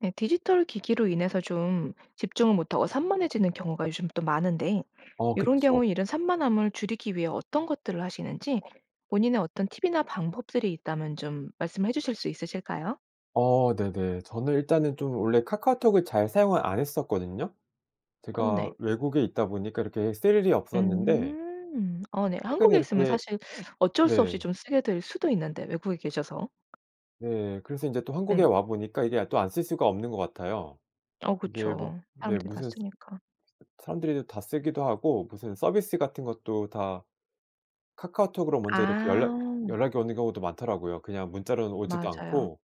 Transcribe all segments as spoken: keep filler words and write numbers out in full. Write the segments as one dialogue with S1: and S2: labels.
S1: 네. 디지털 기기로 인해서 좀 집중을 못 하고 산만해지는 경우가 요즘 또 많은데
S2: 어
S1: 요런
S2: 그쵸.
S1: 경우에 이런 산만함을 줄이기 위해 어떤 것들을 하시는지 본인의 어떤 팁이나 방법들이 있다면 좀 말씀해 주실 수 있으실까요?
S2: 어. 네네. 저는 일단은 좀 원래 카카오톡을 잘 사용을 안 했었거든요.
S1: 어
S2: 제가
S1: 네.
S2: 외국에 있다 보니까 이렇게 쓸 일이 없었는데
S1: 음. 어 네.
S2: 최근
S1: 한국에 있으면
S2: 이렇게
S1: 사실 어쩔 수 없이
S2: 네.
S1: 좀 쓰게 될 수도 있는데 외국에 계셔서.
S2: 네. 그래서 인제 또 한국에
S1: 예.
S2: 와 보니까 이게 또 안 쓸 수가 없는 것 같아요.
S1: 어
S2: 이게 뭐
S1: 그쵸.
S2: 네
S1: 사람들이 다
S2: 무슨
S1: 쓰니까.
S2: 사람들이 다 쓰기도 하고 무슨 서비스 같은 것도 다 카카오톡으로 먼저 이렇게 연락
S1: 아.
S2: 연락이 오는 경우도 많더라고요, 그냥 문자로는 오지도
S1: 맞아요.
S2: 않고.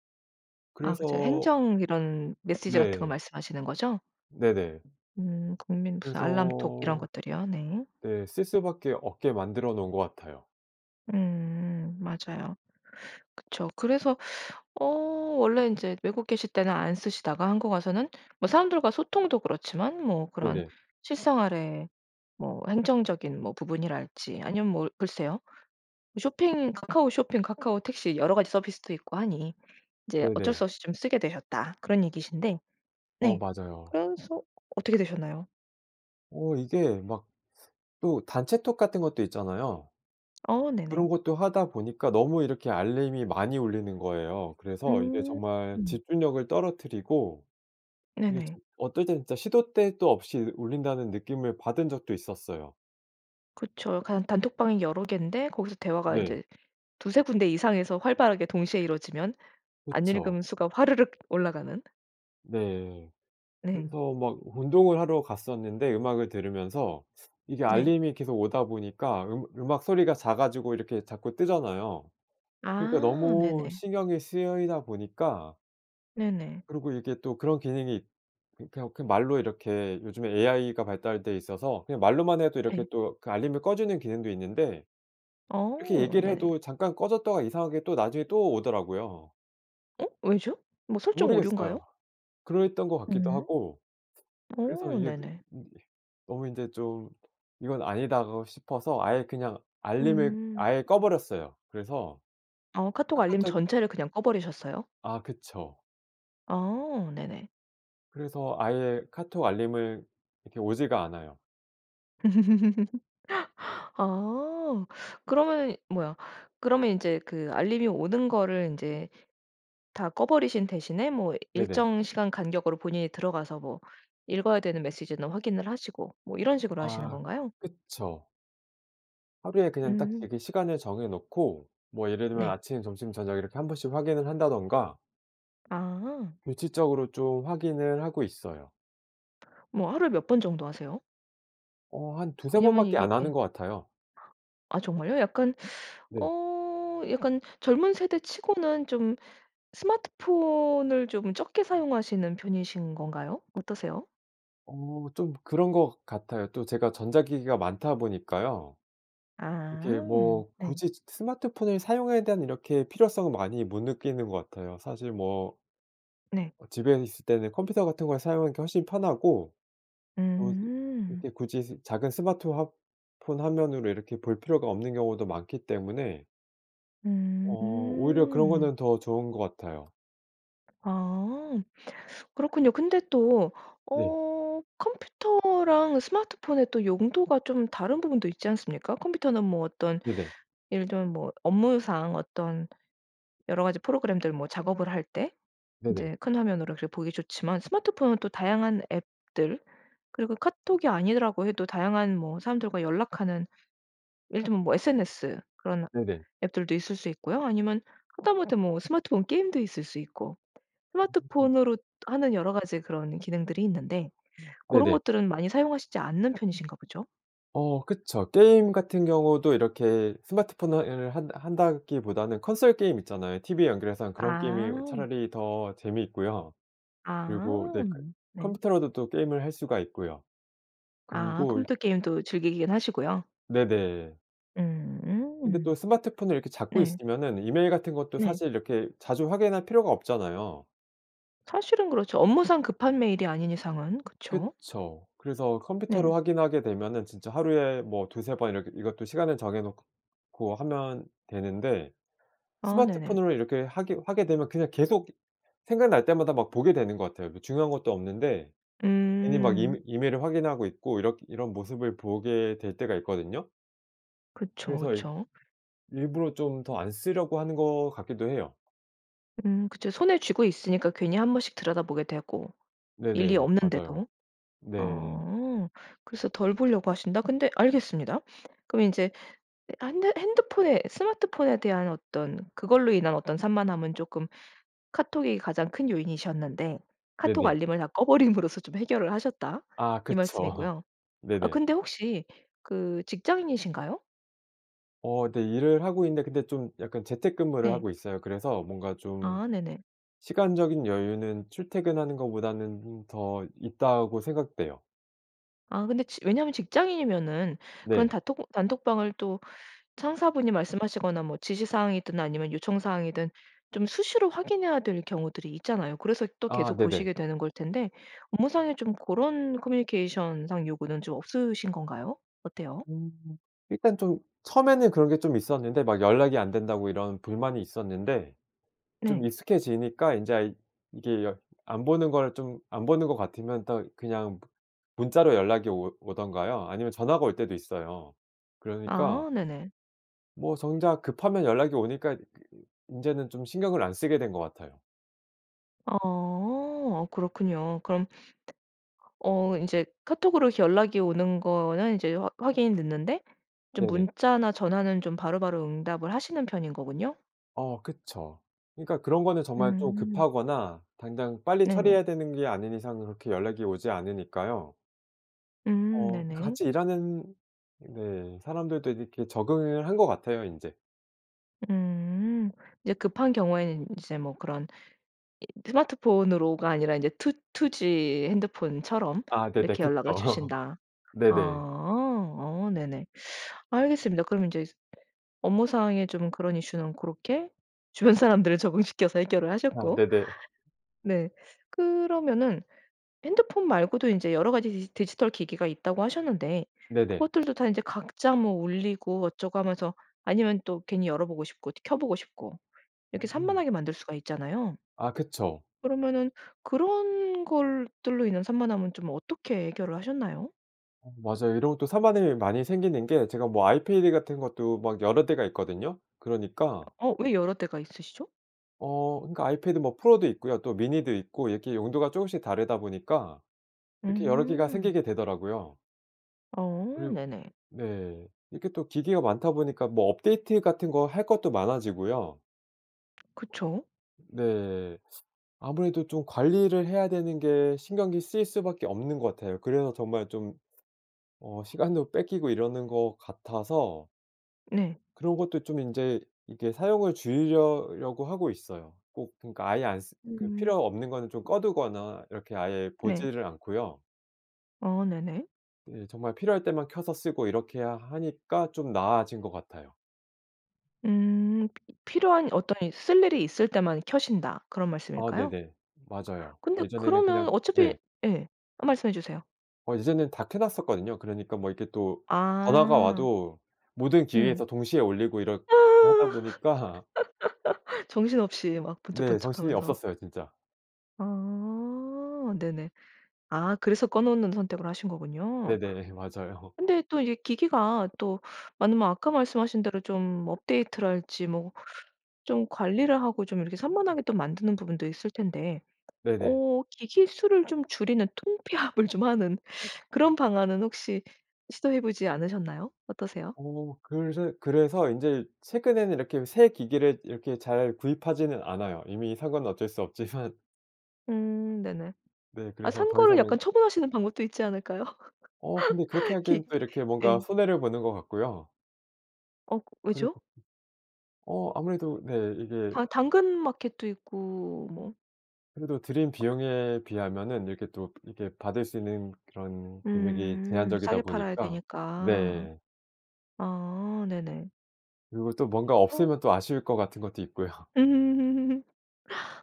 S1: 아
S2: 그래서
S1: 그죠. 행정 이런 메시지 같은 거
S2: 네.
S1: 말씀하시는 거죠?
S2: 네네.
S1: 음. 국민 무슨 알람톡 이런
S2: 그래서
S1: 것들이요. 네.
S2: 네. 쓸 수 밖에 없게 만들어 놓은 것 같아요.
S1: 음. 맞아요. 그쵸. 그래서 어 원래 인제 외국 계실 때는 안 쓰시다가 한국 와서는 뭐 사람들과 소통도 그렇지만 뭐 그런
S2: 네네.
S1: 실생활에 뭐 행정적인 뭐 부분이랄지 아니면 뭐 글쎄요 쇼핑 카카오 쇼핑, 카카오 택시 여러 가지 서비스도 있고 하니 이제 어쩔
S2: 네네.
S1: 수 없이 좀 쓰게 되셨다 그런 얘기신데.
S2: 어.
S1: 네.
S2: 맞아요.
S1: 그래서 어떻게 되셨나요?
S2: 어 이게 막 또 단체 톡 같은 것도 있잖아요.
S1: 어
S2: 그런
S1: 네네.
S2: 것도 하다 보니까 너무 이렇게 알림이 많이 울리는 거예요. 그래서 이게 정말
S1: 음.
S2: 집중력을 떨어뜨리고. 이게
S1: 네네.
S2: 정 어떨 땐 진짜 시도 때도 없이 울린다는 느낌을 받은 적도 있었어요.
S1: 그쵸. 간 단톡방이 여러 개인데 거기서 대화가
S2: 네.
S1: 인제 두세 군데 이상에서 활발하게 동시에 이루어지면 안
S2: 그쵸.
S1: 읽음 수가 화르륵 올라가는.
S2: 네.
S1: 네.
S2: 그래서 막 운동을 하러 갔었는데 음악을 들으면서 이게
S1: 네.
S2: 알림이 계속 오다 보니까 음악 음악 소리가 작아지고 이렇게 자꾸 뜨잖아요. 그러니까
S1: 아.
S2: 너무
S1: 네네.
S2: 신경이 쓰이다 보니까
S1: 네네.
S2: 그러고 이게 또 그런 기능이 이 그냥 말로 이렇게 요즘에 AI가 발달돼 있어서 그냥 말로만 해도 이렇게
S1: 네.
S2: 또 그 알림을 꺼주는 기능도 있는데 이렇게
S1: 어.
S2: 얘기를
S1: 네네.
S2: 해도 잠깐 꺼졌다가 이상하게 또 나중에 또 오더라고요.
S1: 어? 왜죠? 뭐 설정 오류인가요?
S2: 모르겠어요. 그랬던 것 같기도
S1: 음.
S2: 하고. 그래서
S1: 어
S2: 이게
S1: 네네.
S2: 이 너무 인제 좀 '이건 아니다.' 싶어서 아예 그냥 알림을
S1: 음.
S2: 아예 꺼버렸어요. 그래서
S1: 어 카톡 알림
S2: 카카톡이
S1: 전체를 그냥 꺼 버리셨어요?
S2: 아. 그쵸.
S1: 어. 네네.
S2: 그래서 아예 카톡 알림을 이렇게 오지가 않아요.
S1: 아. 그러면은 뭐야 그러면 인제 그 알림이 오는 거를 인제 다 꺼버리신 대신에 뭐
S2: 네네.
S1: 일정 시간 간격으로 본인이 들어가서 뭐 읽어야 되는 메시지는 확인을 하시고 뭐 이런 식으로 하시는
S2: 아.
S1: 건가요?
S2: 그쵸. 하루에 그냥 딱
S1: 음.
S2: 되게 시간을 정해 놓고 뭐 예를 들면
S1: 네.
S2: 아침, 점심, 저녁 이렇게 한 번씩 확인을 한다든가.
S1: 아.
S2: 규칙적으로 좀 확인을 하고 있어요.
S1: 뭐 하루에 몇 번 정도 하세요?
S2: 어 한 두세 번
S1: 왜냐면
S2: 밖에
S1: 이게
S2: 안
S1: 예.
S2: 하는 것 같아요.
S1: 아 정말요? 약간
S2: 네.
S1: 어 약간 젊은 세대 치고는 좀 스마트폰을 좀 적게 사용하시는 편이신 건가요? 어떠세요?
S2: 어. 좀 그런 것 같아요. 또 제가 전자기기가 많다 보니까요.
S1: 아
S2: 이게 뭐
S1: 네.
S2: 굳이 즈 스마트폰을 사용에 대한 이렇게 필요성을 많이 못 느끼는 것 같아요. 사실 뭐
S1: 네.
S2: 어 집에 있을 때는 컴퓨터 같은 걸 사용하는 게 훨씬 편하고 또 이
S1: 음.
S2: 이렇게 굳이 즈 작은 스마트 화 폰 화면으로 이렇게 볼 필요가 없는 경우도 많기 때문에. 어 오히려 그런
S1: 음.
S2: 거는 더 좋은 것 같아요.
S1: 아 그렇군요. 근데 또
S2: 네.
S1: 어 컴퓨터랑 스마트폰의 또 용도가 좀 다른 부분도 있지 않습니까? 컴퓨터는 뭐 어떤
S2: 네네.
S1: 예를 들면 뭐 업무상 어떤 여러가지 프로그램들 뭐 작업을 할 때
S2: 네네.
S1: 인제 큰 화면으로 그게 보기 좋지만 스마트폰은 또 다양한 앱들 그리고 카톡이 아니더라고 해도 다양한 뭐 사람들과 연락하는 예를 들면 뭐 SNS 그런
S2: 네네.
S1: 앱들도 있을 수 있고요. 아니면 하다못해 뭐 스마트폰 게임도 있을 수 있고
S2: 음.
S1: 스마트폰으로 하는 여러 가지 그런 기능들이 있는데 고런
S2: 네네.
S1: 것들은 많이 사용하시지 않는 편이신가 보죠?
S2: 어 그쵸. 게임 같은 경우도 이렇게 스마트폰을 한다 한다기보다는 콘솔 게임 있잖아요. 티브이에 연결해서 한 그런 게임이 어
S1: 아.
S2: 차라리 더 재미있고요. 그리고
S1: 아
S2: 네 그
S1: 네.
S2: 컴퓨터로도 또 게임을 할 수가 있고요.
S1: 아
S2: 그리고 이
S1: 컴퓨터 게임도 즐기긴 하시고요.
S2: 네네. 근데
S1: 음
S2: 또 스마트폰을 이렇게 잡고
S1: 네.
S2: 있으면은 이메일 같은 것도
S1: 네.
S2: 사실 이렇게 자주 확인할 필요가 없잖아요.
S1: 사실은 그렇죠. 업무상 급한 메일이 아닌 이상은 그쵸.
S2: 그쵸. 그래서
S1: 네.
S2: 컴퓨터로 확인하게 되면은 진짜 하루에 뭐 두세 번 이렇게 이것도 시간을 정해 놓고 하면 되는데
S1: 아 네네.
S2: 스마트폰으로 이렇게 하게 하게 되면 그냥 계속 생각날 때마다 막 보게 되는 것 같아요. 뭐 중요한 것도 없는데 괜히 막
S1: 음.
S2: 이메 이메일을 확인하고 있고 이렇 이런 모습을 보게 될 때가 있거든요.
S1: 그쵸,
S2: 그래서 이
S1: 그쵸.
S2: 일부러 좀 더 안 쓰려고 하는 것 같기도 해요.
S1: 음 그쵸. 손에 쥐고 있으니까 괜히 한 번씩 들여다보게 되고 일이
S2: 네네. 맞아요.
S1: 없는데도.
S2: 네.
S1: 어 그래서 덜 보려고 하신다 근데 알겠습니다. 그럼 인제 아 한대 핸드폰에 스마트폰에 대한 어떤 그걸로 인한 어떤 산만함은 조금 카톡이 가장 큰 요인이셨는데 카톡
S2: 네네.
S1: 알림을 다 꺼버림으로써 좀 해결을 하셨다
S2: 아
S1: 이
S2: 그쵸.
S1: 말씀이고요. 아
S2: 네네.
S1: 근데 혹시 그 직장인이신가요?
S2: 어 네. 일을 하고 있는데 근데 좀 약간 재택근무를
S1: 네.
S2: 하고 있어요. 그래서 뭔가 좀
S1: 아 네네.
S2: 시간적인 여유는 출퇴근하는 것보다는 음 더 있다고 생각돼요.
S1: 아 근데 지 왜냐하면 직장인이면은 그런
S2: 네.
S1: 단톡 단톡방을 또 상사분이 말씀하시거나 뭐 지시사항이든 아니면 요청사항이든 좀 수시로 확인해야 될 경우들이 있잖아요. 그래서 또
S2: 아
S1: 계속
S2: 네네.
S1: 보시게 되는 걸 텐데 업무상에 좀 고런 커뮤니케이션상 요구는 좀 없으신 건가요? 어때요?
S2: 음 일단 좀 처음에는 그런 게 좀 있었는데 막 연락이 안 된다고 이런 불만이 있었는데 좀
S1: 네.
S2: 익숙해지니까 인제 아 이게 열 안 보는 걸 좀 안 보는 것 같으면 또 그냥 문자로 연락이 오 오든가요. 아니면 전화가 올 때도 있어요. 그러니까
S1: 아 네네.
S2: 뭐 정작 급하면 연락이 오니까 그 인제는 좀 신경을 안 쓰게 된 것 같아요.
S1: 아 그렇군요. 그럼 어 인제 카톡으로 연락이 오는 거는 이제 화 확인이 됐는데 좀
S2: 네네.
S1: 문자나 전화는 좀 바로바로 응답을 하시는 편인 거군요.
S2: 어 그쵸. 그러니까 그런 거는 정말 좀
S1: 음.
S2: 급하거나 당장 빨리
S1: 네네.
S2: 처리해야 되는 게 아닌 이상 그렇게 연락이 오지 않으니까요.
S1: 음
S2: 어
S1: 네네.
S2: 같이 일하는 네 사람들도 이렇게 적응을 한 것 같아요 인제.
S1: 음. 이제 급한 경우에는 인제 뭐 그런 이 스마트폰으로가 아니라 인제 "투 투 G 핸드폰처럼
S2: 아 네네.
S1: 이렇게
S2: 그쵸.
S1: 연락을 주신다."
S2: 네네.
S1: 아. 아 네네. 알겠습니다. 그럼 인제 업무상에 좀 그런 이슈는 고렇게 주변 사람들을 적응시켜서 해결을
S2: 아
S1: 하셨고
S2: 네네.
S1: 네 그러면은 핸드폰 말고도 인제 여러 가지 디지 디지털 기기가 있다고 하셨는데
S2: 네네.
S1: 그것들도 다 인제 각자 뭐 울리고 어쩌고 하면서 아니면 또 괜히 열어보고 싶고 켜보고 싶고. 이렇게
S2: 음.
S1: 산만하게 만들 수가 있잖아요.
S2: 아. 그쵸.
S1: 그러면은 그런 걸 들로 인한 산만함은 좀 어떻게 해결을 하셨나요?
S2: 아 맞아요. 이런 것도 산만한 일이 많이 생기는 게 제가 뭐 아이패드 같은 것도 막 여러 대가 있거든요. 그러니까
S1: 어 왜 여러 대가 있으시죠?
S2: 어. 그러니까 아이패드 뭐 프로도 있고요. 또 미니도 있고 이렇게 용도가 쪼금씩 다르다 보니까 이렇게 여러 개가
S1: 음.
S2: 생기게 되더라고요.
S1: 어.
S2: 그리고
S1: 네네.
S2: 네 이렇게 또 기계가 많다 보니까 뭐 업데이트 같은 거 할 것도 많아지고요.
S1: 그쵸.
S2: 네. 아무래도 좀 관리를 해야 되는 게 신경이 쓰일 수 밖에 없는 것 같아요. 그래서 정말 좀 어 시간도 뺏기고 이러는 것 같아서
S1: 네.
S2: 그런 것도 좀 인제 이게 사용을 줄이려 려고 하고 있어요. 꼭 그러니까 아예 안쓰 그
S1: 음.
S2: 필요 없는 거는 좀 꺼 두거나 이렇게 아예
S1: 네.
S2: 보지를 않고요.
S1: 어 네네.
S2: 예. 정말 필요할 때만 켜서 쓰고 이렇게 하 하니까 좀 나아진 것 같아요.
S1: 음 피 이 "필요한 어떤 이 쓸 일이 있을 때만 켜신다." 그런
S2: 아
S1: 말씀일까요?
S2: 네네. 맞아요.
S1: 근데
S2: 예전에는
S1: 그러면
S2: 그냥
S1: 어차피
S2: 네.
S1: 예. 아 말씀해 주세요.
S2: 어 이제는 다 켜 놨었거든요. 그러니까 뭐 이렇게 또 전화가
S1: 아.
S2: 와도 모든
S1: 네.
S2: 기기에서 동시에 울리고 이렇게 하다 보니까
S1: 정신없이 막
S2: 네
S1: 번쩍번쩍
S2: 정신이
S1: 하면서.
S2: 없었어요 진짜.
S1: 아 네네. 아 그래서 꺼 놓는 선택을 하신 거군요.
S2: 네네. 맞아요.
S1: 근데 또 이게 기기가 또 많으면 아까 말씀하신 대로 좀 업데이트랄지 뭐 좀 관리를 하고 좀 이렇게 산만하게 만드는 부분도 있을 텐데
S2: 네네.
S1: 어 기기 수를 좀 줄이는 통폐합을 좀 하는 그런 방안은 혹시 시도해 보지 않으셨나요? 어떠세요?
S2: 어 글새 그래서 인제 최근에는 이렇게 새 기기를 이렇게 잘 구입하지는 않아요, 이미 산 거는 어쩔 수 없지만.
S1: 음 네네.
S2: 네.
S1: 아
S2: 그래서
S1: 산
S2: 더
S1: 거를 약간
S2: 이상은
S1: 처분하시는 방법도 있지 않을까요?
S2: 어 근데 그렇게
S1: 긱
S2: 하기에는 또 이렇게 뭔가
S1: 예.
S2: 손해를 보는 것 같고요.
S1: 어 왜죠?
S2: 그리고 어 아무래도 네. 이게
S1: 다 당근 마켓도 있고 뭐
S2: 그래도 들인 비용에 비하면은 이렇게 또 이렇게 받을 수 있는 그런 금액이
S1: 음
S2: 제한적이다
S1: 싸게 팔아야
S2: 보니까
S1: 되니까.
S2: 네.
S1: 아 네네.
S2: 그리고 또 뭔가
S1: 그래서
S2: 없으면 또 아쉬울 것 같은 것도 있고요.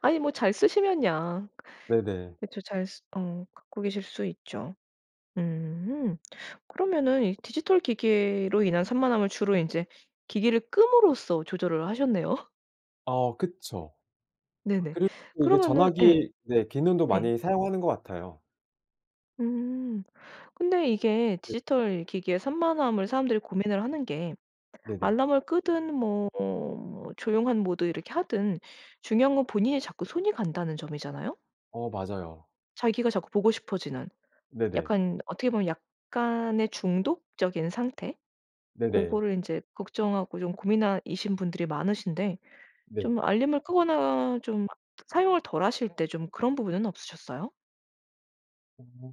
S1: 아니 뭐 잘 쓰시면야
S2: 네네.
S1: 그쵸 잘 어 갖고 계실 수 있죠. 음 그러면은 이 디지털 기기로 인한 산만함을 주로 인제 기기를 끔으로써 조절을 하셨네요.
S2: 어 그쵸. 아
S1: 네네.
S2: 그리고 이게
S1: 그러면은 예.
S2: 전화기 네 기능도
S1: 네.
S2: 많이 사용하는 것 같아요.
S1: 음 근데 이게
S2: 네.
S1: 디지털 기기의 산만함을 사람들이 고민을 하는 게
S2: 네네.
S1: 알람을 끄든 뭐 뭐 조용한 모드 이렇게 하든 중요한 건 본인이 자꾸 손이 간다는 점이잖아요.
S2: 어 맞아요.
S1: 자기가 자꾸 보고 싶어지는
S2: 네네.
S1: 약간 어떻게 보면 약간의 중독적인 상태
S2: 네네.
S1: 고거를 인제 걱정하고 좀 고민하 이신 분들이 많으신데
S2: 네.
S1: 좀 알림을 끄거나 좀 사용을 덜 하실 때 좀 그런 부분은 없으셨어요?
S2: 음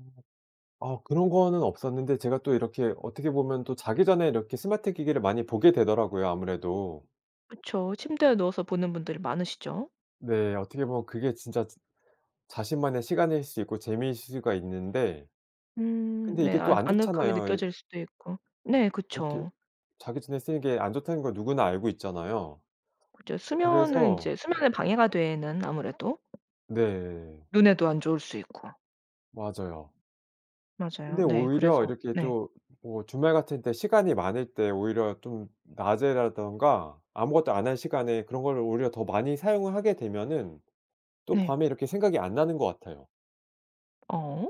S2: 아 그런 거는 없었는데 제가 또 이렇게 어떻게 보면 또 자기 전에 이렇게 스마트 기기를 많이 보게 되더라고요 아무래도.
S1: 그쵸. 침대에 누워서 보는 분들이 많으시죠?
S2: 네. 어떻게 보면 그게 진짜 즈 자신만의 시간일 수 있고 재미일 수가 있는데
S1: 음
S2: 근데
S1: 네.
S2: 이게 또
S1: 아
S2: 안
S1: 아늑하게
S2: 좋잖아요. 이
S1: 느껴질 수도 있고 네
S2: 이렇게
S1: 그쵸.
S2: 자기 전에 쓰는 게 안 좋다는 걸 누구나 알고 있잖아요.
S1: 그쵸. 수면을
S2: 그래서
S1: 인제 수면에 방해가 되는 아무래도
S2: 네.
S1: 눈에도 안 좋을 수 있고.
S2: 맞아요.
S1: 맞아요.
S2: 근데
S1: 네.
S2: 오히려
S1: 그래서
S2: 이렇게
S1: 네.
S2: 또 뭐 주말 같은 때 시간이 많을 때 오히려 좀 낮에라든가 아무것도 안 한 시간에 그런 거를 오히려 더 많이 사용을 하게 되면은 또
S1: 네.
S2: 밤에 이렇게 생각이 안 나는 것 같아요.
S1: 어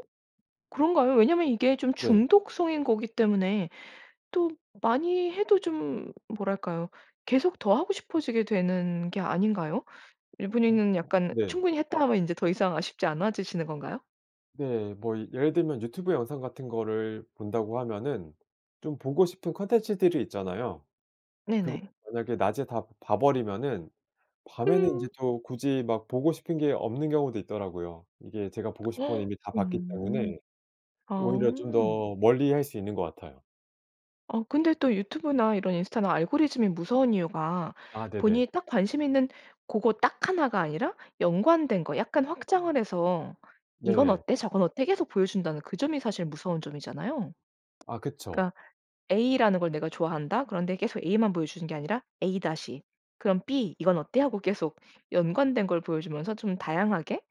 S1: 그런가요? 왜냐하면 이게 좀
S2: 네.
S1: 중독성인 거기 때문에 또 많이 해도 좀 뭐랄까요? 계속 더 하고 싶어지게 되는 게 아닌가요?
S2: 어.
S1: 이분이는 약간
S2: 네.
S1: '충분히 했다.' 하면 인제 더 이상 아쉽지 않아지시는 건가요?
S2: 네. 뭐 예를 들면 유튜브 영상 같은 거를 본다고 하면은 좀 보고 싶은 콘텐츠들이 있잖아요. 그거를
S1: 네네.
S2: 만약에 낮에 다 봐 버리면은 밤에는 인제
S1: 음.
S2: 또 굳이 막 보고 싶은 게 없는 경우도 있더라고요. 이게 제가 보고 싶은 건
S1: 어
S2: 이미 다 봤기 때문에 오히려 좀
S1: 아.
S2: 더 멀리할 수 있는 것 같아요.
S1: 어 근데 또 유튜브나 이런 인스타나 알고리즘이 무서운 이유가
S2: 아 네네.
S1: 본인이 딱 관심있는 고거 딱 하나 가 아니라 연관된 거 약간 확장을 해서 "이건
S2: 네네.
S1: 어때? 저건 어때?" 계속 보여준다는 그 점이 사실 무서운 점이잖아요.
S2: 아 그쵸.
S1: 그니까 A라는 걸 내가 좋아한다. 그런데 계속 A만 보여 주는 게 아니라 A 다시 그럼 B 이건 어때? 하고 계속 연관된 걸 보여주면서 좀 다양하게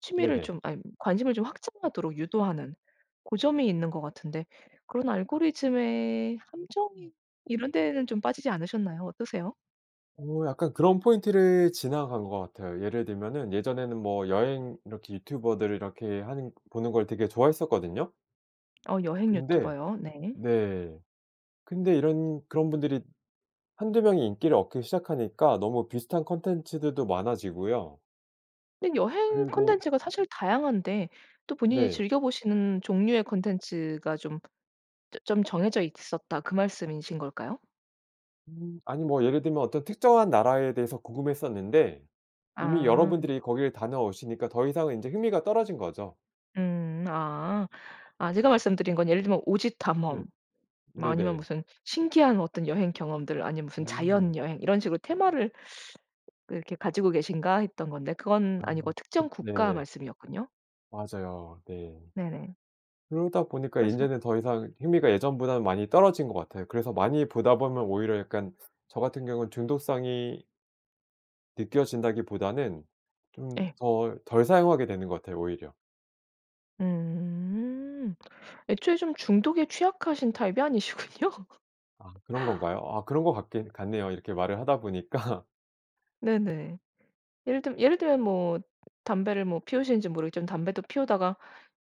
S1: 취미를
S2: 네네.
S1: 좀 아님 관심을 좀 확장하도록 유도하는 고점이 있는 것 같은데 그런 알고리즘의 함정이 이런 데는 좀 빠지지 않으셨나요? 어떠세요?
S2: 어 약간 그런 포인트를 지나간 것 같아요. 예를 들면은 예전에는 뭐 여행 이렇게 유튜버들 이렇게 하는 보는 걸 되게 좋아했었거든요.
S1: 어 여행
S2: 근데
S1: 유튜버요? 네.
S2: 네 근데 이런 그런 분들이 한두 명이 인기를 얻기 시작하니까 너무 비슷한 컨텐츠들도 많아지고요.
S1: 근데 여행
S2: 그리고
S1: 컨텐츠가 사실 다양한데 또 본인이
S2: 네.
S1: 즐겨보시는 종류의 컨텐츠가 좀 좀 정해져 있었다 그 말씀이신 걸까요?
S2: 음 아니 뭐 예를 들면 어떤 특정한 나라에 대해서 궁금했었는데 이미 여러
S1: 아.
S2: 분들이 거기를 다녀오시니까 더 이상은 인제 흥미가 떨어진 거죠.
S1: 음 아. 아 제가 말씀드린 건 예를 들면 오지
S2: 네.
S1: 탐험 뭐 아니면
S2: 네네.
S1: 무슨 신기한 어떤 여행 경험들 아니면 무슨
S2: 음.
S1: 자연 여행 이런 식으로 '테마를 그 이렇게 가지고 계신가?' 했던 건데 그건
S2: 아
S1: 아니고
S2: 그
S1: 특정 국가
S2: 네.
S1: 말씀이었군요.
S2: 맞아요. 네.
S1: 네네.
S2: 그러다 보니까
S1: 그래서
S2: 인제는 더 이상 흥미가 예전보다는 많이 떨어진 것 같아요. 그래서 많이 보다 보면 오히려 약간 저 같은 경우는 중독성이 느껴진다기보다는 좀
S1: 예.
S2: 덜 덜 사용하게 되는 것 같아요 오히려.
S1: 음 애초에 좀 중독에 취약하신 타입이 아니시군요.
S2: 아 그런 건가요? 아 그런 것 같긴 같네요. 이렇게 말을 하다 보니까.
S1: 네네. 예를 들 예를 들면 뭐 담배를 뭐 피우시는지 모르겠지만 담배도 피우다가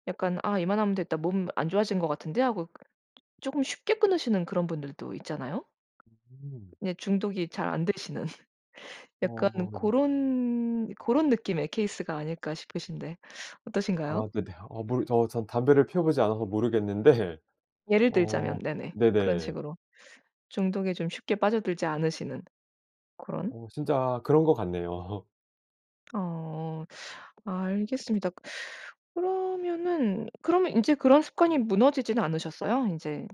S1: 약간 '아 이만하면 됐다. 몸 안 좋아진 것 같은데?' 하고 쪼금 쉽게 끊으시는 그런 분들도 있잖아요.
S2: 으음.
S1: 네 중독이 잘 안되시는 약간
S2: 어.
S1: 고런 고런 느낌의 케이스가 아닐까 싶으신데 어떠신가요?
S2: 아 근데 어 모르 저 저는 담배를 피워 보지 않아서 모르겠는데
S1: 예를 들자면
S2: 어
S1: 네네 그런
S2: 네네.
S1: 식으로. 중독에 좀 쉽게 빠져들지 않으시는 고런
S2: 어 진짜 그런 것 같네요.
S1: 어 알겠습니다. 그러면은 그럼 인제 그런 습관이 무너지진 않으셨어요? 인제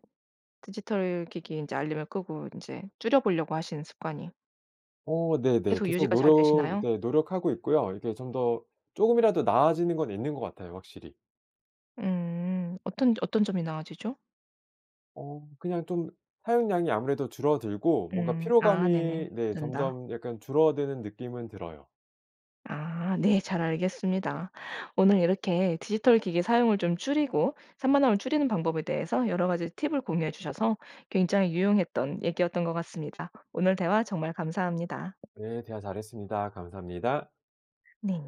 S1: 디지털 기기 인제 알림을 끄고 인제 줄여 보려고 하시는 습관이
S2: 어 네네.
S1: 계속
S2: 계속
S1: 유지가 잘
S2: 노력
S1: 되시나요?
S2: 네 노력하고 있고요. 이게 좀 더 쪼금이라도 나아지는 건 있는 것 같아요 확실히.
S1: 음 어떤 어떤 점이 나아지죠?
S2: 어 그냥 좀 사용량이 아무래도 줄어들고 뭔가
S1: 음 아 네네.
S2: 피로감이 네
S1: 된다.
S2: 점점 약간 줄어드는 느낌은 들어요.
S1: 아 네 잘 알겠습니다. 오늘 이렇게 디지털 기기 사용을 좀 줄이고 산만함을 줄이는 방법에 대해서 여러 가지 팁을 공유해 주셔서 굉장히 유용했던 얘기였던 것 같습니다. 오늘 대화 정말 감사합니다.
S2: 네 대화 잘했습니다. 감사합니다.
S1: 네.